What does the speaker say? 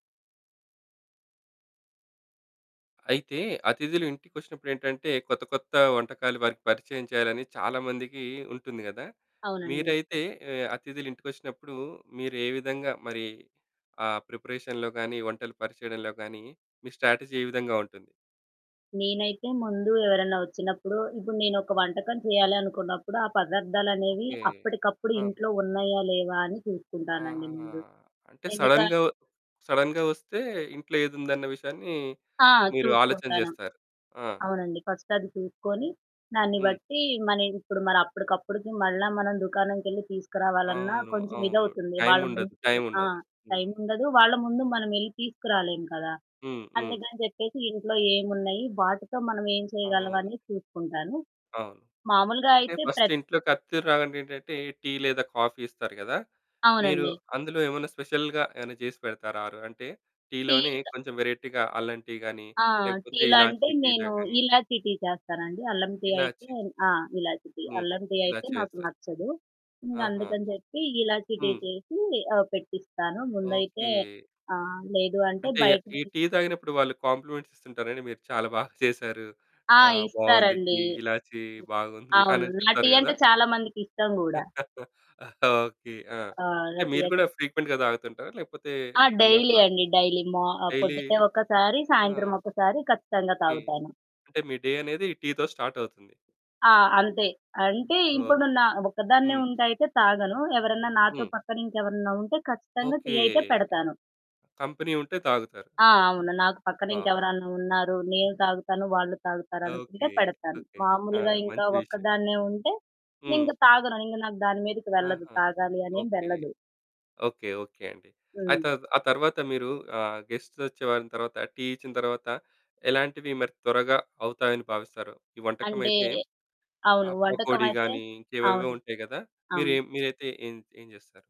అయితే, అతిథులు ఇంటికొచ్చినప్పుడేంటంటే కొత్త కొత్త వంటకాలు వారికి పరిచయం చేయాలని చాలామందికి ఉంటుంది కదా! అవునండి. మీరైతే ఆహ్, అతిథులు ఇంటికొచ్చినప్పుడు మీరే విధంగా మరి, ఆహ్, ప్రిపరేషన్‌లో గానీ, వంటలు పరిచయంలో గానీ మీ స్ట్రాటజీ ఏ విధంగా ఉంటుంది? నేనైతే ముందు ఎవరైనా వచ్చినప్పుడు ఇప్పుడు నేనొక వంటకం చేయాలనుకున్నప్పుడు ఆ పదార్థాలనేవి ఓకే. అప్పటికప్పుడు ఆ! ఇంట్లో ఉన్నాయా లేవా? అని ఆహా! చూసుకుంటానండి ముందు. అంటే ఎందుకా సడెన్‌గా, ఒ సడెన్‌గా వస్తే, ఇంట్లో ఏదుందన్న విషయాన్ని ఆ! మీరు ఆలోచన చూసుకుంటను. చేస్తారు. ఆ! అవునండి. ఫస్ట్ అది చూసుకొని, దాన్ని హ్మ్. బట్టి మని ఇప్పుడు మరప్పటికప్పటికి మళ్ళా మనం దుకాణంకెళ్ళి తీసుకురావాలన్నా అవును. కొంచెం అవును. ఇదవుతుంది. వాళ్ళ ముందు టైముండదు. ఆ! టైముండదు. హ్మ్. టైముండదు. వాళ్ళ ముందు మనం ఎల్లి తీసుకురాలేం కదా! హ్మ్. హ్మ్. అందుకని చెప్పేసి ఇంట్లో ఏమున్నాయి వాటితో మనం ఏం అవును. చేయగలంవని చూసుకుంటాను. అవును. మామూలుగా అంటే అయితే ఫస్ట్ ప్రత్ ఇంట్లోకి అథిదులు రాగానే ఏంటంటే టీ లేదా కాఫీ ఇస్తారు కదా! మీరు అవునండి. అందులో ఏమన్నా స్పెషల్‌గా ఏమైనా చేసి పెడతారా? ఆరు అంటే టీలోనే టీలు త కొంచెం వెరైటీగా అల్లం టీ గానీ, ఆ! లేకపోతే టీలంటే ఇలాచీ టీలా నేను గానీ ఇలాచీ టీ చేస్తానండి. అల్లంటీ అయితే ఇలాచి. ఆ! ఇలాచీ టీ. హ్మ్. అల్లంటీ అయితే ఇలాచి నాకు వేస్తారు. నచ్చదు. ఆహా! ఇంకందుకని చెప్పి ఇలాచీ టీ హ్మ్. చేసి ఆహ్, పెట్టిస్తాను. ముందైతే. ఓకే. ఆహ్, లేదు అంటే అంటే బయట ఈ టీ తాగినప్పుడు వాళ్ళు కాంప్లిమెంట్స్ ఇస్తుంటారండి? మీరు చాలా బా చేశారు. ఆ! ఆహ్, బాగుంది ఇస్తారండి. టీ, హ్మ్. ఇలాచీ బాగుంది అవును. అనని నా చెప్తారు టీ కదా! అంటే చాలామందికిష్టం గూడా. ఓకే. ఆ! ఆ! అంటే నా టీ మీరు అంటే కూడా ఫ్రీక్వెంట్‌గా తాగుతుంటారా? లేకపోతే ఆ! ఎప్పుడన్నా డైలీ అట్లా? అండి. డైలీ మో ఆహ్, డైలీ? పొద్దుటే ఒక్కసారి, సాయంత్రం ఆ! ఒక్కసారి ఖచ్చితంగా ఓకె. తాగుతాను. అంటే మీ డే అనేది టీతో స్టార్ట్ అవుతుంది. ఆ! అంతే. అంటే ఓహ్! ఇప్పుడు నా ఒకదాన్నే హ్మ్. ఉంటే అయితే తాగను. ఎవరన్నా నాతో హ్మ్. పక్కనింకెవరన్నా ఉంటే ఖచ్చితంగా టీ ఓకే. అయితే పెడతాను. కంపెనీ ఉంటే తాగుతారు. ఆ! అవును. నాకు ఆ! పక్కనింకెవరన్నా ఉన్నారు నేను తాగుతాను, వాళ్ళు ఓకే. తాగుతారనుకుంటే పెడతాను. ఓకే. ఆ! మామూలుగా ఇంకా మంచి విషయం. ఒక్కదాన్నే ఉంటే, హ్మ్. ఇంగ తాగను. ఇంగ నాకు దాని మీదకి వెళ్ళదు ఆహా! తాగాలి అనేం ఓకే. వెళ్ళదు. ఓకే ఓకే అండి. అయితే హ్మ్. ఆ తర్వాత మీరు ఆహ్, గెస్ట్స్ వచ్చేవారు, తర్వాత టీ ఇచ్చిన తర్వాత, ఎలాంటివి మరి త్వరగా అవుతాయని భావిస్తారు? ఈ అంటే. వంటకమైతే, అవును. ఆహ్, వంటకం పకోడీ అయితే గానీ ఇంకేవో అవును. ఉంటాయి కదా! అవును. మీరేం మీరైతే ఏం చ్ ఏం చేస్తారు?